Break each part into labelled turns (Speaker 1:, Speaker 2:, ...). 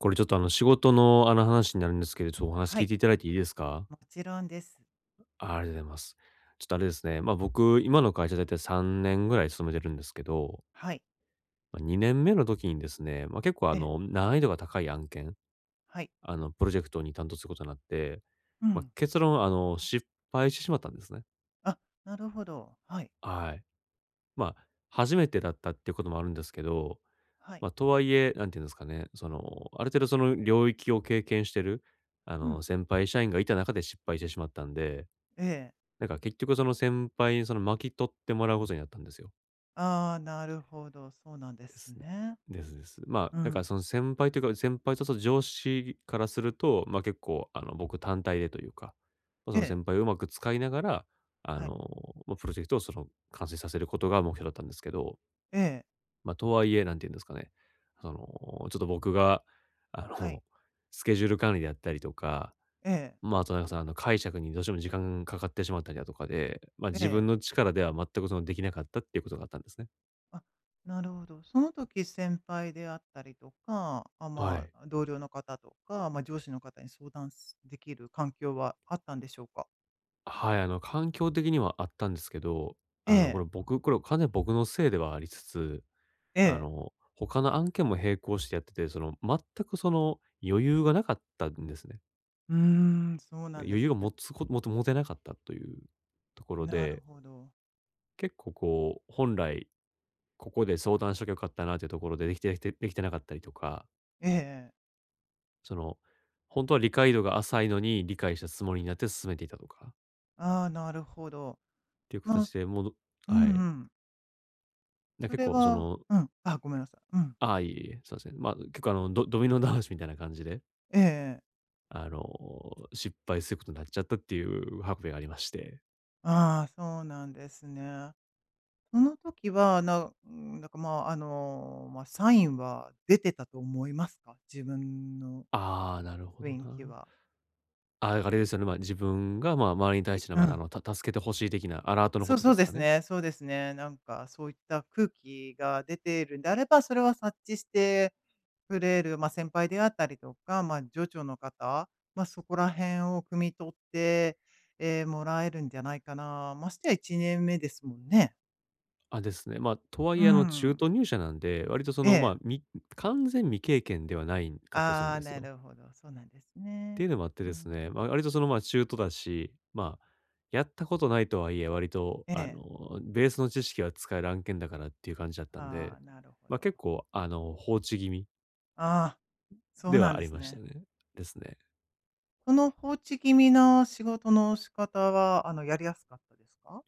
Speaker 1: これちょっと、あの、仕事の、あの、話になるんですけど、ちょ、お話
Speaker 2: は
Speaker 1: 聞い
Speaker 2: い。
Speaker 1: ていただいていいですか？
Speaker 2: もちろんです。
Speaker 1: あ、ありがとうございます。ちょっとあれですね、ま、僕、今の会社、大体3年ぐらい勤めてるんですけど
Speaker 2: はい。
Speaker 1: ま、2年目の時にですね、ま、結構、あ
Speaker 2: ええ。
Speaker 1: の、難易度が高い案件、
Speaker 2: はい。
Speaker 1: あの、プロジェクトに担当することになって、
Speaker 2: う
Speaker 1: ま、
Speaker 2: ん。
Speaker 1: 結論、あの、失敗してしまったんですね。
Speaker 2: あ、なるほど。はい。
Speaker 1: はい。ま、初めてだったってこともあるんですけど、
Speaker 2: はい。
Speaker 1: ま、とはいえ、何て言うんですかね、その、ある程度その領域を経験してる、あ
Speaker 2: う
Speaker 1: の、
Speaker 2: ん。
Speaker 1: 先輩社員がいた中で失敗してしまったんで、
Speaker 2: ええ。
Speaker 1: なんか、結局その先輩に、その、巻き取ってもらうことになったんですよ。
Speaker 2: ああ、なるほど。そうなんで
Speaker 1: で
Speaker 2: す
Speaker 1: す。
Speaker 2: ね。
Speaker 1: ですです。ま、
Speaker 2: う
Speaker 1: なんか
Speaker 2: ん。
Speaker 1: その先輩というか、先輩とその上司からすると、ま、結構、あの、僕単体でというか、ま、
Speaker 2: え
Speaker 1: その
Speaker 2: え。
Speaker 1: 先輩をうまく使いながら、あ
Speaker 2: はい。
Speaker 1: の、ま、プロジェクトを、その、完成させることが目標だったんですけど。
Speaker 2: ええ。
Speaker 1: ま、とはいえ、何て言うんですかね、その、ちょっと僕が、あ
Speaker 2: はい。
Speaker 1: の、スケジュール管理であったりとか、
Speaker 2: ええ。
Speaker 1: ま、あとなんかその、あの、解釈にどうしても時間かかってしまったりだとかで、ま、
Speaker 2: え
Speaker 1: 自
Speaker 2: え。
Speaker 1: 分の力では全く、その、出来なかったっていうことがあったんですね。
Speaker 2: あ、なるほど。その時先輩であったりとか、あ、
Speaker 1: は
Speaker 2: ま
Speaker 1: い。
Speaker 2: あ、同僚の方とか、ま、上司の方に相談すできる環境はあったんでしょうか？
Speaker 1: あ、はい。あの、環境的にはあったんですけど、
Speaker 2: え
Speaker 1: あの、こ
Speaker 2: え。
Speaker 1: れ僕、これは完全僕のせいではありつつ、
Speaker 2: え
Speaker 1: あ
Speaker 2: え。
Speaker 1: の、他の案件も並行してやってて、その、全くその、余裕がなかったんですね。
Speaker 2: うーん、そう
Speaker 1: いや、
Speaker 2: なんで
Speaker 1: 余
Speaker 2: す
Speaker 1: 裕を
Speaker 2: ね。
Speaker 1: 持つこともて持てなかったというところ
Speaker 2: なる
Speaker 1: で。
Speaker 2: ほど。
Speaker 1: 結構こう、本来、ここで相談しときゃよかったなっていうところで、できてできてできてなかったりとか。
Speaker 2: ええええ。
Speaker 1: その、ほんとは理解度が浅いのに理解したつもりになって進めていたとか。
Speaker 2: あ、なるほど。
Speaker 1: ていう
Speaker 2: まあ
Speaker 1: 形で、もう、ど
Speaker 2: う
Speaker 1: はい。
Speaker 2: んうん。
Speaker 1: で、
Speaker 2: そ
Speaker 1: 結
Speaker 2: れ
Speaker 1: 構そ
Speaker 2: は
Speaker 1: の
Speaker 2: うん。あ、ごめんなさい。うん。
Speaker 1: あ、いえいえ。すません。ま、結構、あの、ドドミノ倒しみたいな感じで
Speaker 2: ええええ。
Speaker 1: あの、失敗することになっちゃったっていうハプニングありまして。
Speaker 2: あ、そうなんですね。その時は、なうん、なんか、ま、あの、ま、サインは出てたと思いますか？自分の。
Speaker 1: あ、なるほど
Speaker 2: 雰囲気
Speaker 1: な。
Speaker 2: は。
Speaker 1: あ、だから、あれですよね。ま、自分が、ま、周りに対
Speaker 2: い
Speaker 1: しての、
Speaker 2: う
Speaker 1: ま、あ
Speaker 2: ん。
Speaker 1: の、た助けてほしい的なアラートのこ
Speaker 2: そう
Speaker 1: とで
Speaker 2: そう
Speaker 1: す
Speaker 2: で
Speaker 1: か
Speaker 2: す
Speaker 1: ね。
Speaker 2: ねそうですね。なんかそういった空気が出てるんであれば、それは察知してくれる、ま、先輩であったりとか、ま、上長の方、ま、そこら辺を汲み取って、ええ、もらえるんじゃないかな。ましてや1年目ですもんね。
Speaker 1: あ、ですね。ま、とは
Speaker 2: う
Speaker 1: い
Speaker 2: ー
Speaker 1: え、あの、中
Speaker 2: ん。
Speaker 1: 途入社なんで、割とその、
Speaker 2: ええ。
Speaker 1: ま、み完全未経験ではないんかったりするん
Speaker 2: あ
Speaker 1: で
Speaker 2: あ、
Speaker 1: す
Speaker 2: な
Speaker 1: よ。
Speaker 2: るほど。そうなんです
Speaker 1: って
Speaker 2: ね。
Speaker 1: いうのもあって
Speaker 2: う
Speaker 1: ですね、ま、
Speaker 2: ん。
Speaker 1: 割とその、ま、中途だし、ま、やったことないとはいえ、割と、
Speaker 2: え
Speaker 1: あ
Speaker 2: え。
Speaker 1: の、ベースの知識は使える案件だからっていう感じだったん
Speaker 2: あ
Speaker 1: で、
Speaker 2: あ、なるほ
Speaker 1: ま、
Speaker 2: ど。
Speaker 1: 結構、あの、放置気味
Speaker 2: ああ、そう
Speaker 1: で
Speaker 2: なん
Speaker 1: はあ
Speaker 2: で
Speaker 1: り
Speaker 2: す
Speaker 1: ました
Speaker 2: ね。
Speaker 1: ね。ですね。
Speaker 2: この、放置気味な仕事の仕方は、あの、やりやすかったですか？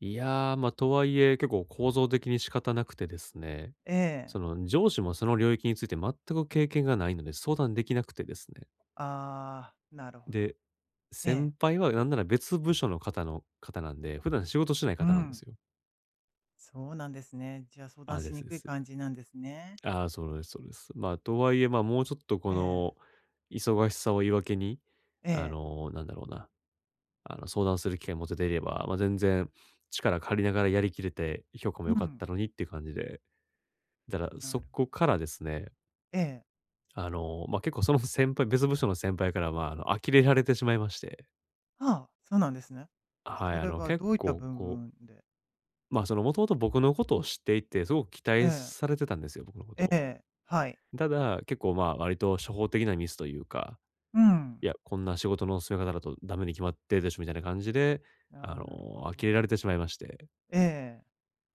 Speaker 1: いや、ま、とはいえ、結構、構造的に仕方なくてですね。
Speaker 2: ええ。
Speaker 1: その、上司もその領域について全く経験が無いので、相談出来なくてですね。
Speaker 2: ああ、なるほど。
Speaker 1: で、
Speaker 2: ええ。
Speaker 1: 先輩は、なんなら別部署の方の方なんで、普段仕事してない
Speaker 2: うう
Speaker 1: 方なんです
Speaker 2: ん。
Speaker 1: よ。
Speaker 2: そうなんですね。じゃあ、相談
Speaker 1: あ、で
Speaker 2: しに
Speaker 1: すで
Speaker 2: くい
Speaker 1: す。
Speaker 2: 感じなんですね。
Speaker 1: ああ、それですそれです。ま、とはいえ、ま、もうちょっと、こ
Speaker 2: ええ。
Speaker 1: の、忙しさを言い訳に、
Speaker 2: え
Speaker 1: あ
Speaker 2: え。
Speaker 1: の、なんだろうな、あの、相談する機会を持てていれば、ま、全然力借りながらやり切れて、評価も
Speaker 2: う
Speaker 1: 良かっ
Speaker 2: ん。
Speaker 1: たのにって感じで。だから、
Speaker 2: な
Speaker 1: そ
Speaker 2: る
Speaker 1: こからですね。
Speaker 2: ええ。
Speaker 1: あの、まあ、結構その、ふ先輩、別部署の先輩から、まあ、あの、呆れられてしまいまして。
Speaker 2: はあ。そうなんですね。
Speaker 1: あ、はい。
Speaker 2: そ
Speaker 1: あ
Speaker 2: れ
Speaker 1: の、
Speaker 2: は
Speaker 1: 結
Speaker 2: どういった
Speaker 1: 構
Speaker 2: 部
Speaker 1: こう
Speaker 2: 分で。
Speaker 1: まあ、その、もともと僕のことを知っていて、すごく期
Speaker 2: え
Speaker 1: 待
Speaker 2: え。
Speaker 1: されてたんですよ。僕のこと
Speaker 2: え
Speaker 1: を。
Speaker 2: え、はい。
Speaker 1: ただ、結構まあ、割と初歩的なミスというか。
Speaker 2: う
Speaker 1: い
Speaker 2: ん。
Speaker 1: や、こんな仕事の進め方だとダメに決まってるでしょ、みたいな感じで、あ
Speaker 2: あ、
Speaker 1: の、
Speaker 2: なるほ
Speaker 1: 呆れ
Speaker 2: ど。
Speaker 1: られてしまいまして。
Speaker 2: ええ。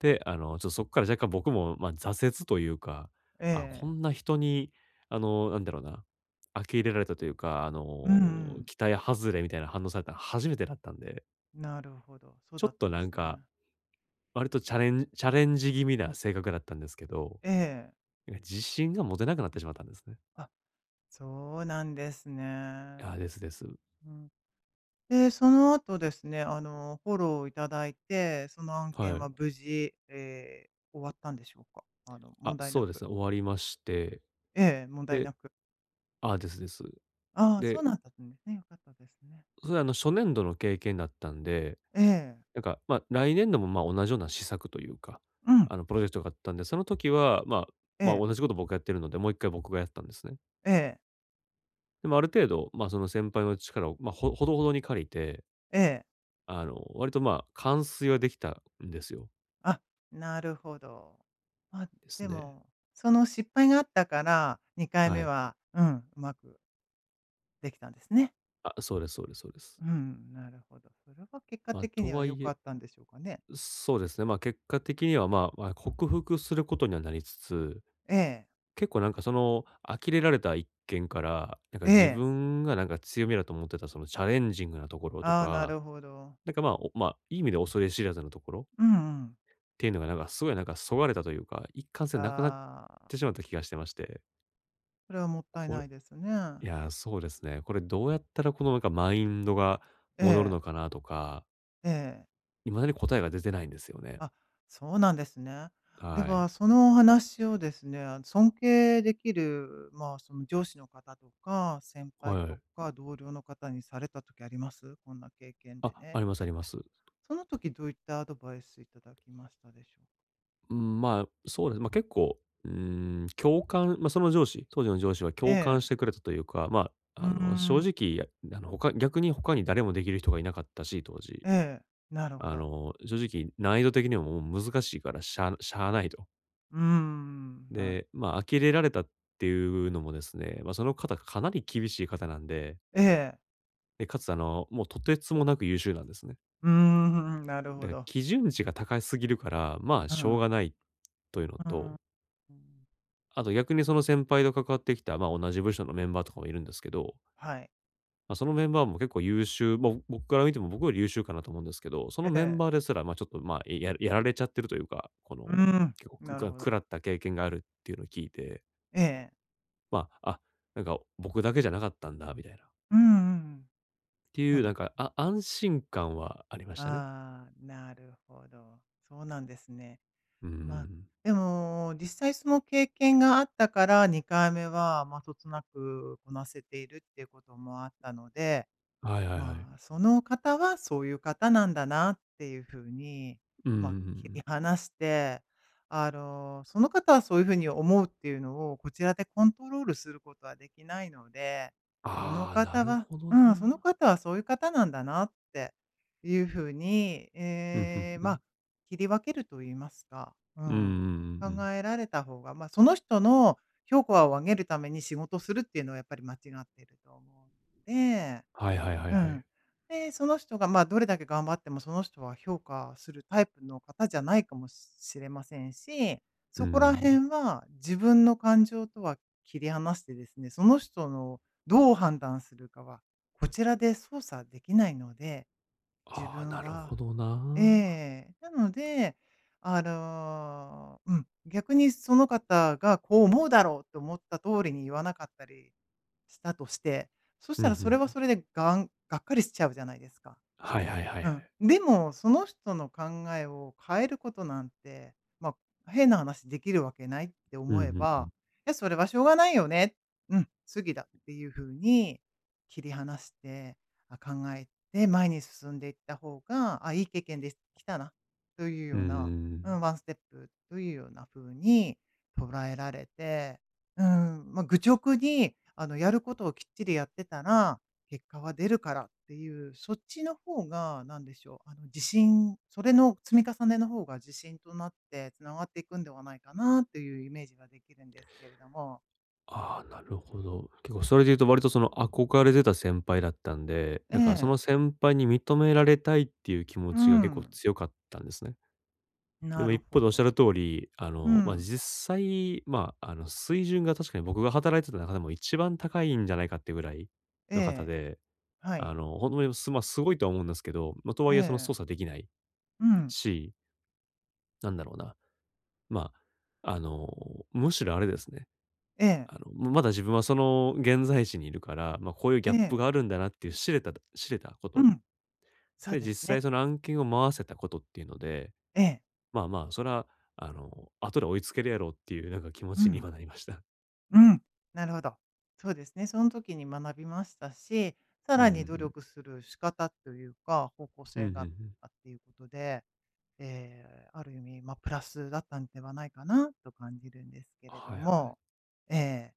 Speaker 1: で、あの、ちょっとそこから若干僕も、まあ、挫折というか、
Speaker 2: え
Speaker 1: あ、こ
Speaker 2: え。
Speaker 1: んな人に、あの、なんだろうな。あきれられたというか、あの、
Speaker 2: うんうん。
Speaker 1: 期待外れみたいな反応されたの初めてだったんで。
Speaker 2: なるほど。そう
Speaker 1: ちょ
Speaker 2: だっ
Speaker 1: っ
Speaker 2: た
Speaker 1: と
Speaker 2: んで
Speaker 1: なん
Speaker 2: す
Speaker 1: か、
Speaker 2: ね。
Speaker 1: 割とチャレンジチャレンジ気味な性格だったんですけど。
Speaker 2: ええ。
Speaker 1: いや、自信が持てなくなってしまったんですね。
Speaker 2: あ、そうなんです
Speaker 1: あ、
Speaker 2: ね。
Speaker 1: ですです。
Speaker 2: うん。で、その後ですね。あの、フォローをいただいて、その案
Speaker 1: は
Speaker 2: 件は
Speaker 1: い。
Speaker 2: 無事、ええ、終わったんでしょうか？あの
Speaker 1: あ、
Speaker 2: 問題
Speaker 1: そ
Speaker 2: な
Speaker 1: うで
Speaker 2: く。
Speaker 1: すね。終わりまして。
Speaker 2: ええ、問題な
Speaker 1: で、
Speaker 2: く。
Speaker 1: あ、ですです。
Speaker 2: あ、そう
Speaker 1: で
Speaker 2: なんだったんですね。良かったですね。
Speaker 1: それはあの、初年度の経験だったんで、
Speaker 2: ええ。
Speaker 1: なんか、ま、来年度も、ま、同じような施策というか、
Speaker 2: うん。
Speaker 1: あの、プロジェクトがあったんで、その時は、まあ、
Speaker 2: え
Speaker 1: ま、
Speaker 2: え。
Speaker 1: 同じことを僕がやってるので、もう1回僕がやったんですね。
Speaker 2: ええ。
Speaker 1: でも、ある程度、まあ、その先輩の力を、まあ、ほほどほどに借りて。
Speaker 2: ええ。
Speaker 1: あの、割とまあ、完遂は出来たんですよ。
Speaker 2: あ、なるほど。まあ、
Speaker 1: です
Speaker 2: で
Speaker 1: ね。
Speaker 2: も、その失敗があったから、にかい
Speaker 1: は
Speaker 2: め
Speaker 1: い。
Speaker 2: は、うん、うまく出来たんですね。
Speaker 1: あ、そうですそうですそうです。
Speaker 2: うん、なるほど。それは結果
Speaker 1: ま、
Speaker 2: 的
Speaker 1: と
Speaker 2: には、
Speaker 1: は
Speaker 2: 良
Speaker 1: い
Speaker 2: か
Speaker 1: え
Speaker 2: ったんでしょうかね。
Speaker 1: そうですね。まあ、結果的には、まあ、わ克服することにはなりつつ、
Speaker 2: ええ。
Speaker 1: 結構なんか、その、呆れられた一件から、なんか、
Speaker 2: え
Speaker 1: 自
Speaker 2: え。
Speaker 1: 分がなんか強みだと思ってた、そのチャレンジングなところと
Speaker 2: ああ、な
Speaker 1: か、
Speaker 2: るほど。
Speaker 1: なんか、まあ、おまあ、いい意味で恐れ知らずのところ
Speaker 2: うんうん。
Speaker 1: っていうのがなんか、すごいなんか削がれたというか、一貫性なくなっ
Speaker 2: ああ。
Speaker 1: てしまった気がしてまして。
Speaker 2: それはもったい
Speaker 1: これ
Speaker 2: ないですね。
Speaker 1: いや、そうですね。これどうやったら、このなか、マインドが
Speaker 2: え
Speaker 1: 戻るの
Speaker 2: え。
Speaker 1: かなとか。
Speaker 2: ええ。
Speaker 1: 未だに答えが出てないんですよね。
Speaker 2: あ、そうなんですね。で
Speaker 1: はい。
Speaker 2: は、そのお話をですね。あの、尊敬できる、まあ、その上司の方とか先輩
Speaker 1: は
Speaker 2: と
Speaker 1: い。
Speaker 2: か同僚の方にされた時あります？「こんな経験
Speaker 1: あ、
Speaker 2: でね」
Speaker 1: ありま
Speaker 2: っ
Speaker 1: すあ
Speaker 2: て。
Speaker 1: ります。
Speaker 2: その時どういったアドバイスいただきましたでしょう？
Speaker 1: うん、まあ、そうです。ま、結構、うーん、共感、ま、その上司、当時の上司は
Speaker 2: え
Speaker 1: 共感し
Speaker 2: え。
Speaker 1: てくれたというか、ま
Speaker 2: うー
Speaker 1: あ、あの、正
Speaker 2: ん。
Speaker 1: 直、いや、やの、ほか逆に他に誰もできる人がいなかったし、当時。
Speaker 2: ええ。なるほ
Speaker 1: あ
Speaker 2: ど。
Speaker 1: の、正直、難易度的にも難しいから、しゃしゃあないと。
Speaker 2: うーん、なる
Speaker 1: で、ま、呆れられたっていうのもですね、ま、その方がかなり厳しい方なんで。
Speaker 2: ええ。
Speaker 1: え、且つあの、もう、とてつもなく優秀なんですね。
Speaker 2: うーん、ふーん、なる
Speaker 1: だ
Speaker 2: ほ
Speaker 1: か、
Speaker 2: ど。
Speaker 1: 基準値が高すぎるから、
Speaker 2: あ、
Speaker 1: ま、
Speaker 2: う
Speaker 1: しょうが
Speaker 2: ん。
Speaker 1: ないというの
Speaker 2: うーん。
Speaker 1: と
Speaker 2: うーん。
Speaker 1: あと、逆にその先輩と関わってきた、ま、同じ部署のメンバーとかもいるんですけど。
Speaker 2: はい。
Speaker 1: ま、そのメンバーも結構優秀ま、僕から見ても、僕より優秀かなと思うんですけど、その
Speaker 2: え
Speaker 1: メン
Speaker 2: え。
Speaker 1: バーですら、ま、ちょっと、まあ、いややられちゃってるというか、この、
Speaker 2: うーん。
Speaker 1: 結構、く
Speaker 2: な
Speaker 1: く
Speaker 2: る
Speaker 1: ら
Speaker 2: ほど。
Speaker 1: 食らった経験があるっていうのを聞いて
Speaker 2: ええ。
Speaker 1: まあ、あ、なんか、僕だけじゃなかったんだみたいな。
Speaker 2: うんうんうん。
Speaker 1: って
Speaker 2: そ
Speaker 1: い
Speaker 2: う
Speaker 1: う
Speaker 2: な
Speaker 1: な
Speaker 2: ん
Speaker 1: ん
Speaker 2: ね。
Speaker 1: か、あ安心感はありましたね。
Speaker 2: ああ、なるほど。そうなんですね。
Speaker 1: うー
Speaker 2: ま、
Speaker 1: ん。
Speaker 2: でも、実際その経験があったから、2回目はまあ、そつなくこなせているっていうこともあったので。
Speaker 1: はいはいはい。
Speaker 2: まあ、その方はそういう方なんだなっていう風に、
Speaker 1: うんう
Speaker 2: ま、
Speaker 1: ん、ふん、
Speaker 2: 切
Speaker 1: う
Speaker 2: り
Speaker 1: ん。
Speaker 2: 離して、あの、その方はそういう風に思うっていうのを、こちらでコントロールすることはできないので。その
Speaker 1: ああ、な
Speaker 2: 方
Speaker 1: る
Speaker 2: が
Speaker 1: ほど
Speaker 2: うん、その
Speaker 1: な。
Speaker 2: 方はそういう方なんだなっていう風に、
Speaker 1: うん、ふん
Speaker 2: ええ、
Speaker 1: ふ
Speaker 2: まあ、
Speaker 1: ん。
Speaker 2: 切り分けると言いますか、う
Speaker 1: うんう
Speaker 2: ん、
Speaker 1: ん
Speaker 2: 考
Speaker 1: うんうん。
Speaker 2: えられた方が、ま、その人の評価を上げるために仕事するっていうのはやっぱり間違ってると思うで
Speaker 1: はいはいはい
Speaker 2: う
Speaker 1: はい。
Speaker 2: ん。で、その人がまあ、どれだけ頑張っても、その人は、評価するタイプの方じゃないかもししれませんし、
Speaker 1: うー
Speaker 2: そこら
Speaker 1: ん。
Speaker 2: 辺は、自分の感情とは切り離してですね、その人のどう判断するかは、こちらで操作できないので、自
Speaker 1: ああ、
Speaker 2: 分
Speaker 1: なるほ
Speaker 2: は
Speaker 1: ど
Speaker 2: え
Speaker 1: な。
Speaker 2: え、なので、あの、うん、逆にその方が、こう思うだろうと思った通りに言わなかったりしたとして、そし
Speaker 1: う
Speaker 2: た
Speaker 1: ん、
Speaker 2: ら、
Speaker 1: ふ
Speaker 2: それ
Speaker 1: ん
Speaker 2: は
Speaker 1: ふん。
Speaker 2: それでがんがっかりしちゃうじゃないですか？
Speaker 1: はいはいはい
Speaker 2: う
Speaker 1: は
Speaker 2: ん。
Speaker 1: い。
Speaker 2: でも、その人の考えを変えることなんて、まあ、変な話できるわけないって
Speaker 1: う
Speaker 2: 思
Speaker 1: ん、
Speaker 2: え
Speaker 1: ふんふ
Speaker 2: ば
Speaker 1: ん。
Speaker 2: 「や、それはしょうがないよね、うん、次だ」っていう風に、切り離して、あ、考えて前に進んでいった方が、あ、いい経験できたな、という
Speaker 1: う
Speaker 2: よ
Speaker 1: んうん
Speaker 2: うな、
Speaker 1: う
Speaker 2: う
Speaker 1: ん。
Speaker 2: ん、ワンステップというような風に捉えられて、うん。まあ、愚直にあの、やることをきっちりやってたら、結果は出るからっていう、そっちの方が、なんでしょう、あの、自信、それの積み重ねの方が自信となって、繋がっていくんではないかな？というイメージができるんですけれども。
Speaker 1: ああ、なるほど。結構それでいうと、割とその、憧れてた先輩だったんで、
Speaker 2: え
Speaker 1: なんかその
Speaker 2: え。
Speaker 1: 先輩に認められたいっていう気持
Speaker 2: う
Speaker 1: ちが、結構
Speaker 2: ん。
Speaker 1: 強かったんですね。で
Speaker 2: な
Speaker 1: も、
Speaker 2: る
Speaker 1: 一方
Speaker 2: ほ
Speaker 1: で仰
Speaker 2: ど。
Speaker 1: る通り、あ
Speaker 2: う
Speaker 1: の、ま、
Speaker 2: ん。
Speaker 1: 実際、ま、あの、水準が確かに僕が働いてた中でも、一番高いんじゃないかっていうぐらい
Speaker 2: え
Speaker 1: の方
Speaker 2: え。
Speaker 1: で、
Speaker 2: は
Speaker 1: あ
Speaker 2: い。
Speaker 1: の、ほんと、え、すま、すごいとは思うんですけど、ま、とは
Speaker 2: え
Speaker 1: いえ、その
Speaker 2: え。
Speaker 1: 操作できない
Speaker 2: うん。
Speaker 1: しなんだろうな。まあ、あの、むしろあれですね、
Speaker 2: ええ。
Speaker 1: あの、むまだ自分はその現在地にいるから、まあ、こういうギ
Speaker 2: え
Speaker 1: ャップ
Speaker 2: え。
Speaker 1: があるんだなっていう知れただ知れたこ
Speaker 2: う
Speaker 1: と
Speaker 2: ん。そう
Speaker 1: で、
Speaker 2: です
Speaker 1: 実際
Speaker 2: ね。
Speaker 1: その案件を回せたことっていうので
Speaker 2: ええ。
Speaker 1: 「まあまあ、それは、あの、後で追いつけるやろう」っていう、なんか気持
Speaker 2: う
Speaker 1: ちに
Speaker 2: ん。
Speaker 1: はなりました。
Speaker 2: うん、なるほど。そうですね、そん時に学びましたし、さ
Speaker 1: うんう
Speaker 2: ら
Speaker 1: ん
Speaker 2: に努
Speaker 1: うん。
Speaker 2: 力する仕方というか、方向
Speaker 1: う
Speaker 2: 性
Speaker 1: ん、ふん、う
Speaker 2: が
Speaker 1: ん。
Speaker 2: あっていうことで、ええ、ある意味、ま、プラスだったんではないかなと感じるんですけれ
Speaker 1: は
Speaker 2: ど
Speaker 1: いはい。
Speaker 2: も。ええ。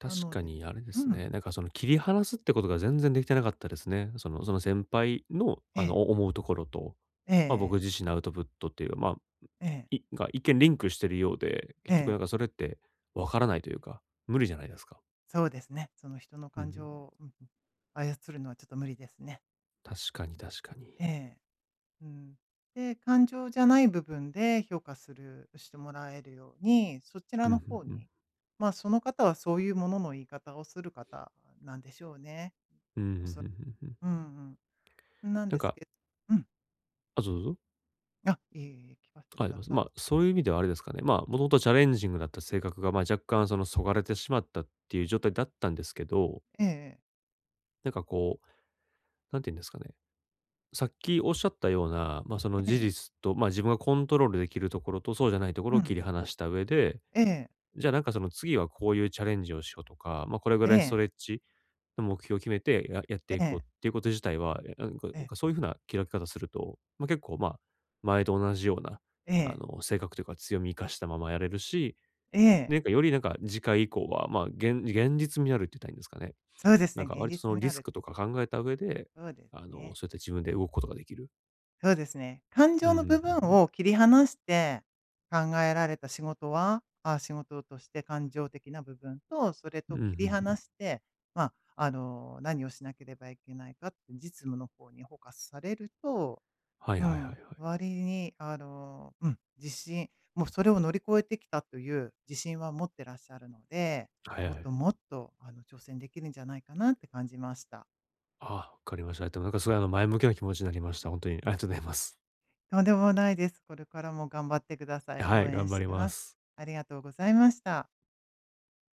Speaker 1: 確
Speaker 2: なの
Speaker 1: か
Speaker 2: で
Speaker 1: にあれで
Speaker 2: う
Speaker 1: す
Speaker 2: ん。
Speaker 1: ね、なんかその、切り離すってことが全然できてなかったですね。その、その先輩の、
Speaker 2: え
Speaker 1: あの、
Speaker 2: え。
Speaker 1: お思うところと、
Speaker 2: ええ
Speaker 1: まあ、僕
Speaker 2: ええ。
Speaker 1: 自身のアウトプットっていう、まあ、
Speaker 2: ええ。
Speaker 1: いが一見リンクしてるようで、
Speaker 2: え
Speaker 1: 結局な
Speaker 2: え。
Speaker 1: んかそれって、分からないというか、無理じゃないですか。
Speaker 2: そうですね。その人の
Speaker 1: うんう
Speaker 2: 感
Speaker 1: ん。
Speaker 2: 情を、うんうん、操るのはちょっと無理ですね。
Speaker 1: 確かに確かに。
Speaker 2: ええ。うん。で、感情じゃない部分で評価するしてもらえるように、そち
Speaker 1: う
Speaker 2: ら
Speaker 1: ん、
Speaker 2: の
Speaker 1: ふん
Speaker 2: 方
Speaker 1: ふん。
Speaker 2: に、まあ、その方はそういうものの言い方をする方なんでしょうね。
Speaker 1: うん、ふ
Speaker 2: お
Speaker 1: んふ
Speaker 2: さ
Speaker 1: んふんふん。
Speaker 2: うんうん。なん
Speaker 1: なん
Speaker 2: です
Speaker 1: か
Speaker 2: けうん。
Speaker 1: あ、どうぞ。
Speaker 2: あ、いえいえ、聞かせて
Speaker 1: か
Speaker 2: く
Speaker 1: い
Speaker 2: だ
Speaker 1: ます。
Speaker 2: さ
Speaker 1: まあ、そういう意味ではあれですかね、ま、もともとチャレンジングだった性格が、ま a、若干、その、そがれてしまったっていう状態だったんですけど。
Speaker 2: ええええ。
Speaker 1: なんかこう、なんて言うんですかね。さっき仰った様な、ま、その
Speaker 2: え
Speaker 1: 事
Speaker 2: え。
Speaker 1: 実と、ま、自分がコントロール出来るところとそうじゃないとこ
Speaker 2: う
Speaker 1: ろを切
Speaker 2: ん。
Speaker 1: り離した上で、
Speaker 2: ええ。
Speaker 1: じゃあなんかその次はこういうチャレンジをしようとか、ま、これぐ
Speaker 2: え
Speaker 1: らいス
Speaker 2: え。
Speaker 1: トレッチの目標を決めて、ややっ
Speaker 2: え
Speaker 1: ていこう
Speaker 2: え。
Speaker 1: っていうこと自体は、え、なんこい
Speaker 2: え
Speaker 1: なん
Speaker 2: え。
Speaker 1: かそういう風な切り分け方すると、ま、結構、まあ、前と同じ様な、
Speaker 2: え
Speaker 1: あ
Speaker 2: え。
Speaker 1: の、性格というか強み活かしたままやれるし、
Speaker 2: ええ。
Speaker 1: なんかより、なんか次回以降は、まあ、げん現実味あるって言ったらいいんですかね。
Speaker 2: そうです
Speaker 1: な
Speaker 2: ね、
Speaker 1: んか
Speaker 2: 現
Speaker 1: 割とそ
Speaker 2: 実
Speaker 1: の
Speaker 2: 味
Speaker 1: リ
Speaker 2: ある
Speaker 1: ス
Speaker 2: っ
Speaker 1: ク
Speaker 2: て
Speaker 1: とか考えた上で、
Speaker 2: そうです
Speaker 1: あの、
Speaker 2: ね。
Speaker 1: そうやって自分で動くことが出来る。
Speaker 2: そうですね。感
Speaker 1: うん
Speaker 2: 情の
Speaker 1: うん。
Speaker 2: 部
Speaker 1: ふん
Speaker 2: 分
Speaker 1: ふん。
Speaker 2: を切り離して考えられた仕事はあ、仕事として感情的な部分と、それ
Speaker 1: うん、
Speaker 2: と切
Speaker 1: ふ
Speaker 2: り
Speaker 1: んふ
Speaker 2: 離
Speaker 1: ん。
Speaker 2: して、まあ、あの、何をしなければいけないかって実務の方にフォーカスされると、
Speaker 1: はい
Speaker 2: う
Speaker 1: はいはいは
Speaker 2: ん。
Speaker 1: い。
Speaker 2: 割りに、あの、うん。自信もうそれを乗り越えてきたという自信は持ってらっしゃるので、
Speaker 1: はいは
Speaker 2: もっと、
Speaker 1: い。
Speaker 2: もっと、あの挑戦出来るんじゃないかなって感じました。
Speaker 1: あ、分かりました。え、でもなんかすごいあの前向きな気持ちになりました。ほんとにありがとうございます。
Speaker 2: とんでもないです。これからも頑張ってくださ
Speaker 1: あ、
Speaker 2: い。
Speaker 1: は
Speaker 2: 応
Speaker 1: い。
Speaker 2: 援
Speaker 1: 頑
Speaker 2: し
Speaker 1: 張り
Speaker 2: てい
Speaker 1: ま
Speaker 2: ます。
Speaker 1: す。
Speaker 2: ありがとうございました。